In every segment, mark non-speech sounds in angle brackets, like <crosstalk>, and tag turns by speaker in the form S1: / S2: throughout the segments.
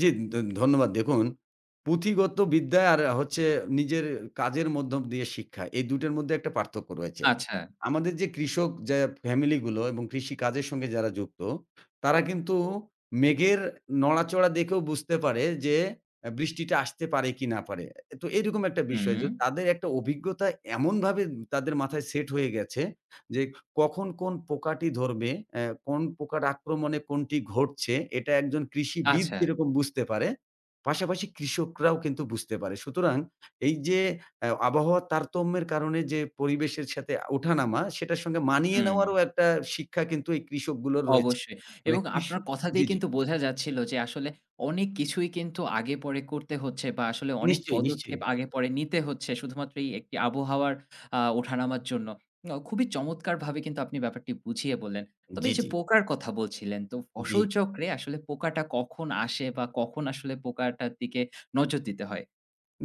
S1: জি, ধ ধন্যবাদ। দেখুন পুঁথিগত বিদ্যা, আর হচ্ছে নিজের কাজের মধ্যম দিয়ে শিক্ষা। এই ২ টার মধ্যে একটা পার্থক্য রয়েছে।
S2: আচ্ছা।
S1: আমাদের যে কৃষক যা ফ্যামিলিগুলো এবং কৃষিকাজের সঙ্গে যারা যুক্ত। তারা কিন্তু মেঘের নড়াচড়া দেখেও বুঝতে পারে যে আ বৃষ্টিটা আসতে পারে কি না পারে। তো, এরকম একটা বিষয় যো
S2: হুম।
S1: তাদের একটা অভিজ্ঞতা এমনভাবে তাদের মাথায় সেট হয়ে গেছে। যে কখন কোন পোকাটি ধরবে অ্যা কোন প্রকার আক্রমণে কোনটি ঘটছে, এটা একজন কৃষিবিদ
S2: আচ্ছা।
S1: যেরকম বুঝতে পারে, পাশাপাশি কৃষকরাও কিন্তু বুঝতে পারে। সুতরাং, এই যে এ আবহাওয়ার তারতম্যের কারণে যে পরিবেশের সাথে ওঠা নামা। সেটার সঙ্গে মানিয়ে নেওয়ারও
S2: হু।
S1: একটা শিক্ষা কিন্তু এই কৃষকগুলোর রয়েছে।
S2: অবশ্যই।
S1: মানে
S2: এবং
S1: কৃষি
S2: আপনার কথা দিয়ে
S1: জি, জি।
S2: কিন্তু বোঝা যাচ্ছিল যে আসলে, অনেক কিছুই কিন্তু আগে পরে করতে হচ্ছে। বা আসলে অনেক
S1: নিশ্চয়ই,
S2: পদক্ষেপ
S1: নিশ্চয়ই।
S2: আগে পরে নিতে হচ্ছে শুধুমাত্র এই একটি আবহাওয়ার আ ওঠানামার জন্য। ন খুবই চমৎকারভাবে কিন্তু আপনি ব্যাপারটা বুঝিয়ে বললেন। তবে
S1: জি,
S2: এই যে
S1: জি।
S2: পোকার কথা বলছিলেন তো
S1: জি।
S2: ফসল চক্রে আসলে পোকাটা কখন আসে, বা কখন আসলে পোকাটার দিকে নজর দিতে হয়?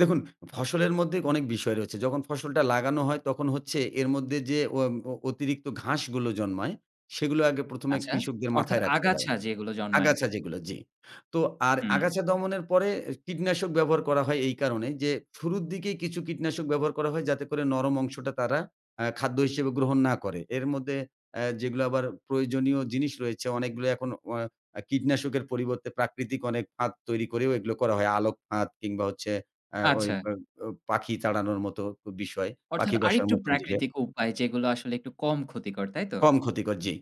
S1: দেখুন, ফসলের মধ্যে অনেক বিষয় রয়েছে। যখন ফসলটা লাগানো হয় তখন হচ্ছে এর মধ্যে যে অ অ অতিরিক্ত ঘাসগুলো জন্মায়। সেগুলো আগে ১ম এ
S2: আচ্ছা।
S1: কৃষকদের
S2: অর্থাৎ
S1: মাথায় রাখতে হয়।
S2: আগাছা যেগুলো জন্মায়।
S1: আগাছা যেগুলো, জি। তো আর
S2: হুম।
S1: আগাছা দমনের পরে কীটনাশক ব্যবহার করা হয় এই কারণে, যে শুরুর দিকে কিছু কীটনাশক ব্যবহার করা হয় যাতে করে নরম অংশটা তারা আ খাদ্য হিসেবে গ্রহণ না করে। এর মধ্যে অ্যা যেগুলো আবার প্রয়োজনীয় জিনিস রয়েছে, অনেকগুলো এখন অ আ কীটনাশকের পরিবর্তে প্রাকৃতিক অনেক ফাঁদ তৈরি করেও এগুলো করা হয়। আলোক ফাঁদ কিংবা হচ্ছে অ্যা ওই
S2: আচ্ছা।
S1: আ আ পাখি তাড়ানোর মতো বিষয়।
S2: অর্থাৎ,
S1: পাখি বসার
S2: আরেকটু
S1: মত <unintelligible>
S2: প্রাকৃতিক উপায় যেগুলো আসলে একটু কম ক্ষতিকর তাই তো?
S1: কম ক্ষতিকর, জি।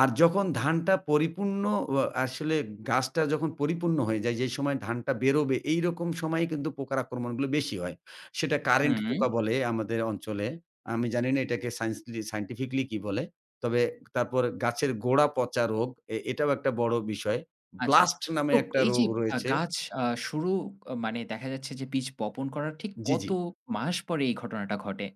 S1: আর যখন ধানটা পরিপূর্ণ অ আসলে গাছটা যখন পরিপূর্ণ হয়ে যায়। যেই সময় ধানটা বেরোবে এইরকম সময়েই কিন্তু পোকার আক্রমণগুলো বেশি হয়। সেটা কারেন্ট
S2: হুম।
S1: পোকা বলে আমাদের অঞ্চলে। আমি জানি না এটাকে সায়েন্সলি সায়েন্টিফিকলি কি বলে। তবে তারপর গাছের গোড়া পচা রোগ এ এটাও একটা বড় বিষয়।
S2: আচ্ছা।
S1: ব্লাস্ট
S2: তো,
S1: নামে একটা
S2: এই যে
S1: রোগ
S2: আ
S1: রয়েছে।
S2: গাছ আ শুরু মানে দেখা যাচ্ছে যে বীজ বপন করার ঠিক
S1: জি,
S2: কত
S1: জি।
S2: মাস পরে এই ঘটনাটা ঘটে?